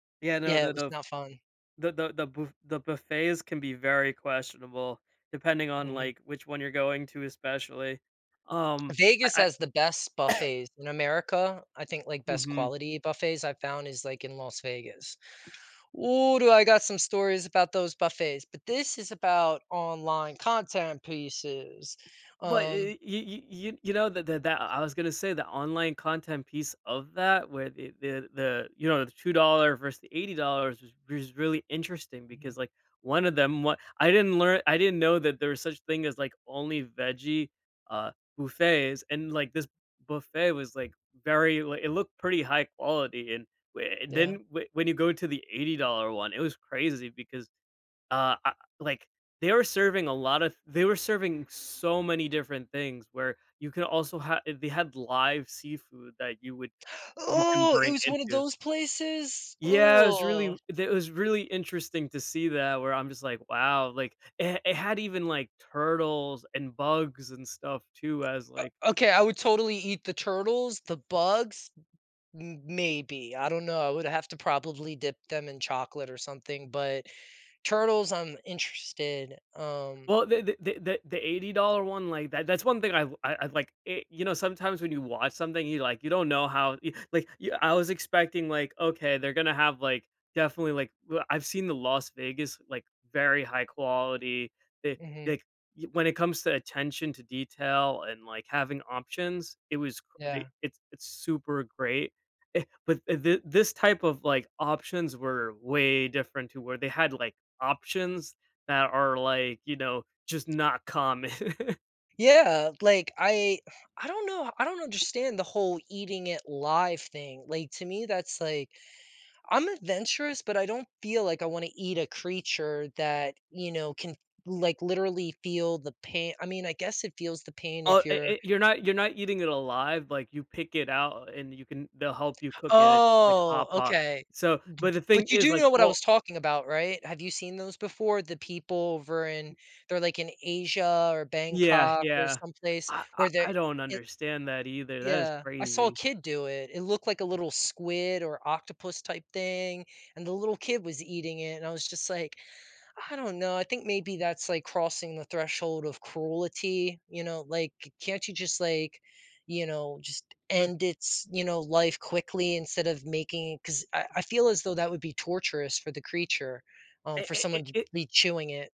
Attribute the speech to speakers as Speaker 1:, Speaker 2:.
Speaker 1: Yeah, no,
Speaker 2: Yeah,
Speaker 1: the
Speaker 2: it was
Speaker 1: the f
Speaker 2: not fun.
Speaker 1: the the the buf the buffets can be very questionable depending on,
Speaker 2: Mhm.
Speaker 1: like, which one you're going to especially. Um,
Speaker 2: Vegas
Speaker 1: I
Speaker 2: has the best
Speaker 1: I
Speaker 2: buffets in America, I think, like, best
Speaker 1: Mhm.
Speaker 2: quality buffets I found is, like, in Las Vegas. Ooh, do I got some stories about those buffets, but this is about online content pieces,
Speaker 1: But i
Speaker 2: um
Speaker 1: i y y you you know th th that I I was gonna say the online content piece of that where the the the you know, the $2 versus the $80 was was really interesting because,
Speaker 2: Mhm.
Speaker 1: like, one of them w I didn't lear I didn't know that there was such thing as, like, only veggie, uh, buffets and, like, this buffet was, like, very like, it looked pretty high-quality and w and then
Speaker 2: Yeah.
Speaker 1: w when you go to the $80 one, it was crazy because, uh I like, they were serving a lotta th they were serving so many different things where you could also ha eh, they had live seafood that you would you can
Speaker 2: Ooh, it
Speaker 1: bring
Speaker 2: was one of
Speaker 1: into
Speaker 2: those places?
Speaker 1: Yeah, it was really
Speaker 2: Ooh.
Speaker 1: w they it was really interesting to see that where I'm just like, "Wow," like, it it had even, like, turtles and bugs and stuff too as, like
Speaker 2: O Okay, I would totally eat the turtles, the bugs, m maybe, I don't know, I would have to probably dip them in chocolate or something, but turtles, I'm interested, um
Speaker 1: Well, the the the the the $80 one, like, that that's one thing I l I I'd like you know, eh, sometimes when you watch something, you, like you don't know how y like, y I was expecting, like, "Okay, they're gonna have, like, definitely, like" well, I've seen the Las Vegas, like, very high-quality.
Speaker 2: Mhm.
Speaker 1: [unintelligible] Y when it comes to attention to detail and, like, having options, it was c d
Speaker 2: Yeah.
Speaker 1: it's it's super great, eh, but, eh, th this type of, like, options were way different to where they had like options that are like, you know, just not common.
Speaker 2: Yeah, like, I I don't know, I don't understand the whole eating it live thing, like, to me, that's like I'm adventurous, but I don't feel like I wanna eat a creature that, you know, can, like, literally feel the pain I mean, I guess it feels the pain
Speaker 1: Oh,
Speaker 2: if
Speaker 1: e
Speaker 2: you're
Speaker 1: eh, you're not you're not eating it alive, like, you pick it out and you can they'll help you cook it, it's like
Speaker 2: Oh,
Speaker 1: hot pot.
Speaker 2: okay. B
Speaker 1: So but the
Speaker 2: B
Speaker 1: thing
Speaker 2: But you
Speaker 1: is,
Speaker 2: do
Speaker 1: like,
Speaker 2: know what I
Speaker 1: o
Speaker 2: was talking about, right, have you seen those before? The people over in they're like in Asia or
Speaker 1: Yeah,
Speaker 2: Bangkok or
Speaker 1: yeah.
Speaker 2: someplace
Speaker 1: I I
Speaker 2: where they're
Speaker 1: I don't
Speaker 2: i
Speaker 1: understand that either, that is
Speaker 2: Yeah, I saw a
Speaker 1: crazy.
Speaker 2: kid do it. It looked like a little squid or octopus type thing and the little kid was eating it and I was just like, I don't know, I think maybe that's like crossing the threshold of cruelty, you know, like, can't you just like, you know, just
Speaker 1: W
Speaker 2: end its, you know, life quickly instead of making it 'cause I I feel as though that would be torturous for the creature, um,
Speaker 1: I
Speaker 2: for
Speaker 1: I I
Speaker 2: someone to
Speaker 1: It
Speaker 2: be chewing it.